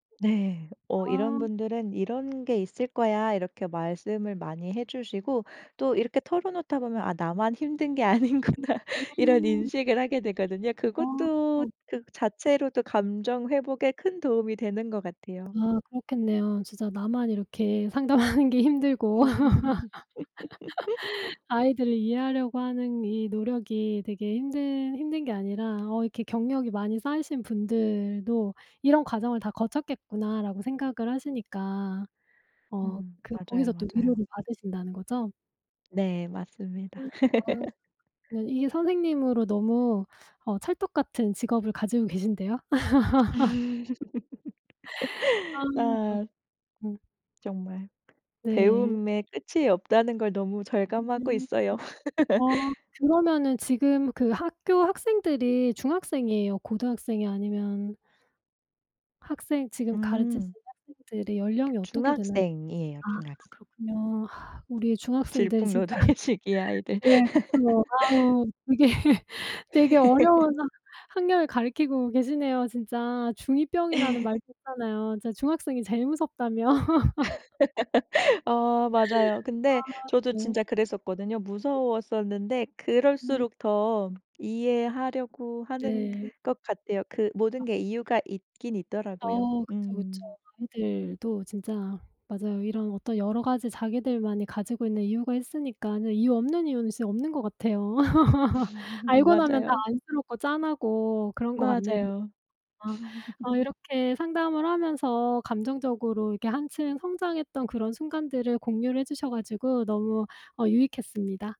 네. 어 이런 아. 분들은 "이런 게 있을 거야." 이렇게 말씀을 많이 해 주시고 또 이렇게 털어놓다 보면 '아 나만 힘든 게 아니구나.' 이런 음. 인식을 하게 되거든요. 그것도 아. 그 자체로도 감정 회복에 큰 도움이 되는 것 같아요. 아, 그렇겠네요. 진짜 나만 이렇게 상담하는 게 힘들고. 아이들을 이해하려고 하는 이 노력이 되게 힘든 힘든 게 아니라 어 '이렇게 경력이 많이 쌓이신 분들도 이런 과정을 다 거쳤겠구나.'라고 생각을 하시니까 어 음, 그 맞아요. 거기서 또 맞아요. 위로를 받으신다는 거죠? 네, 맞습니다. 음 어. 네. 이게 선생님으로 너무 어 찰떡같은 직업을 가지고 계신데요? 아 그렇구 아. 음. 정말 네. 배움의 끝이 없다는 걸 너무 절감하고 음. 있어요. 아 그러면은 지금 그 학교 학생들이 중학생이에요, 고등학생이에요? 아니면 학생 지금 가르치신 음. 학생들의 연령이 어떻게 되나요? 중학생이에요. 아 중학생. 그렇군요. 우리 중학생들 진짜 질풍노도의 시기 아이들. 네, 그쵸. 아우. 되게, 되게 어려운 학년을 가르치고 계시네요 진짜. 중 2 병이라는 말도 있잖아요. 진짜 중학생이 제일 무섭다며. 어 맞아요. 근데 아. 저도 네. 진짜 그랬었거든요. 네. 무서웠었는데 음. 그럴수록 더 이해하려고 하는 네. 것 같아요. 그 아. 모든 게 이유가 있기는 있더라고요. 어 그쵸 그쵸. 음. 아이들도 진짜 맞아요. 이런 어떤 여러 가지 자기들만이 가지고 있는 이유가 있으니까는. 이유 없는 이유는 진짜 없는 것 같아요. 알고 나면 다 맞아요. 안쓰럽고 짠하고 그런 것 같네요. 맞아요. 어, 어 이렇게 상담을 하면서 감정적으로 이렇게 한층 성장했던 그런 순간들을 공유를 해 주셔 가지고 너무 어 유익했습니다.